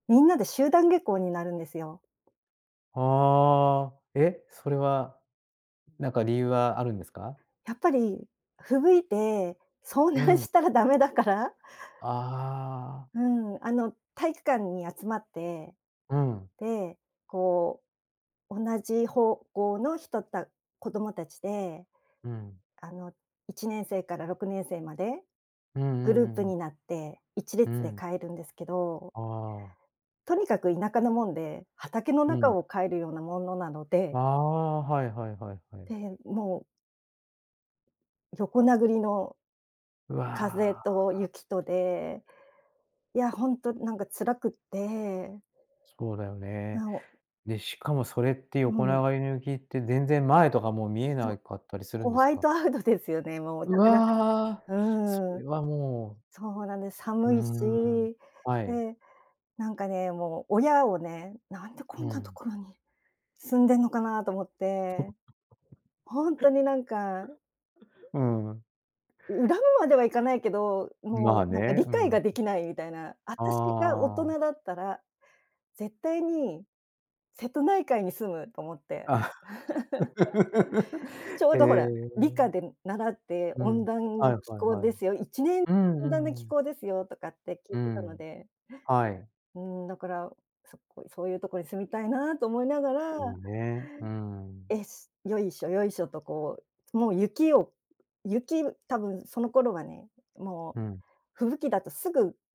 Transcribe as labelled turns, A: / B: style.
A: みんなで集団下校になるんですよ。
B: はあ、え、それは、ん、なんか理由はあるんですか？
A: やっぱり、吹雪いて遭
B: う
A: 難
B: ん。
A: したらダメだから
B: ああ。
A: うん。あの、体育館に集まって。
B: うん。
A: で、こう、同じ方向の人た子どもたちで、
B: うん。
A: あの、1年生から6年生まで
B: うんう
A: グル
B: ん
A: ー
B: う
A: プ
B: んうん。
A: になっていちれ
B: う
A: つで
B: ん。
A: 帰るんですけど
B: ああ。
A: とにかく田舎なもんで、畑の
B: う
A: 中
B: ん。
A: を帰るようなものなので
B: ああ、はいはいはいはい。
A: で、もう横殴りの
B: うわ、
A: 風
B: ああ、あ。
A: と雪とで、いや、ほんとなんか辛くって
B: 気候だよね。
A: なお
B: で、しかもそれってよ
A: う
B: こな
A: ん。
B: がりの雪って、全然前とかもう見え
A: そう。
B: なかったりする
A: ホ
B: んです
A: ワイ
B: か？
A: トアウトですよね、もう。
B: う
A: だから
B: わ、そ
A: う
B: れ
A: ん、
B: はもう
A: そうなんです、
B: うー
A: 寒いし。
B: ん。はい。
A: で、なんかね、もう親をね「なんでこ
B: う
A: んなと
B: ん。
A: ころに住んでんのかな」と思っ
B: そ
A: て、ほんとになんか、
B: う。うーん、うん。
A: う恨むまではいかないけど、ん、も
B: まあ
A: うなんか
B: ね、
A: 理
B: う
A: 解
B: ん。ん。
A: ができないみたいな「あたしが大
B: ああ。
A: 人だったら絶対に瀬戸内海に住む」と思って。
B: あ。
A: ちょう
B: へ
A: どほら、理科
B: え。
A: で、ん、習って
B: う
A: 「温
B: ん。
A: 暖
B: は
A: な
B: い
A: 気
B: はい
A: 候
B: は
A: で
B: い。
A: すよ、1年
B: う
A: 温暖な
B: んう
A: 気
B: ん。
A: 候ですよ」とかって聞い
B: う
A: てたの
B: ん。
A: で。
B: はい。
A: うーん、だから、そ、こいそういうところに住みたいなと思いながら
B: まあね、うん。
A: 「えし、よいしょ、よいしょ」とこう、つもう雪を雪、む多分その頃はね、も
B: う
A: う
B: ん。
A: 吹雪だとすぐ